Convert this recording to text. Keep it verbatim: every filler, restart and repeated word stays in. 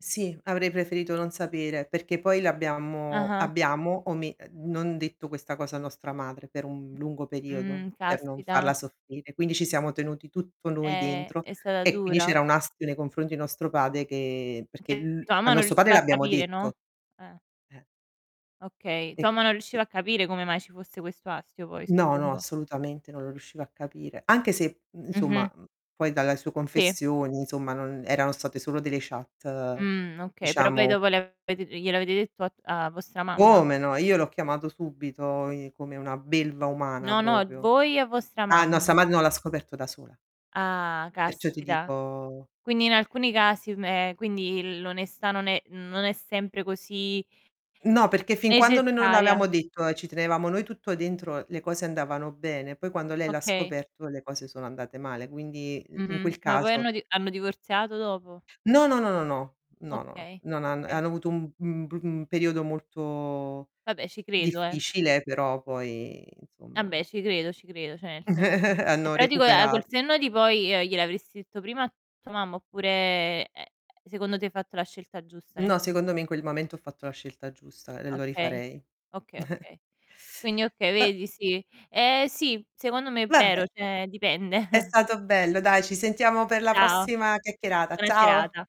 Sì, avrei preferito non sapere, perché poi l'abbiamo Ah-ah. abbiamo ome uhm, non detto questa cosa a nostra madre per un lungo periodo, Mh. per non Caspita. farla soffrire. Quindi, ci siamo tenuti tutto noi È dentro, è stata e quindi dura? c'era un astio nei confronti di nostro pade che perché Che l tua a mamma non nosso pade riusciva a l'abbiamo capire, no? detto. Eh. Eh. Okay, E tua mamma non [unintelligible] riusciva a capire come mai ci fosse questo astio poi, No, no, suppongo. assolutamente, non lo riuscivo a capire. Anche se, i Mh-mh. insomma mhmm, poi dalla su Sì. confessioni, insomma, non erano state solo delle chat, Mh. Okay, però poi diciamo dopo le avete ehm, glielo avete detto a tu a vostra mamma? Come no, io l'ho chiamato subito, i come una belva umana No, no, propio. voi a vostra Ah, nossa mamma. mad no, l'ha scoperto da sola. Ah, Perciò ti caspita. dico Quindi, in alcuni casi, me ehm, quindi l'onestà non è non è sempre così No, perché fin quando noi non necessaria. l'aveamo detto e ci tenevamo noi tutto dentro, le cose andavano bene, poi quando lei l'ha Okay. scoperto le cose sono andate male, quindi i in quel Mh-mh. Ma poi caso hanno di hanno divorziato dopo? No, no, no, no, no. No, no. Okay, Non han okay. hanno avuto un mhmm, un br mhmm, periodo molto Vabbè ci credo, eh. difficile, però poi insomma abbè ci credo, ci credo. Ceh, nel sen è hanno pratico a col recuperat senno di poi, gli glielo avresti detto prima a tua mamma, oppure, ehm, secondo te hai fatto la scelta giusta nel No, tem secondo me in quel mamento ho fatto la scelta giusta, e lo Okay, rifarei. okay, okay. Quindi, okay, A vedi sì. Eh sì, secondo me è Vabbè! vero, ceh dipende. È stato bello, dai, ci sentiamo per la Ciao, prossima chiacchierata. buona Ciao! serata.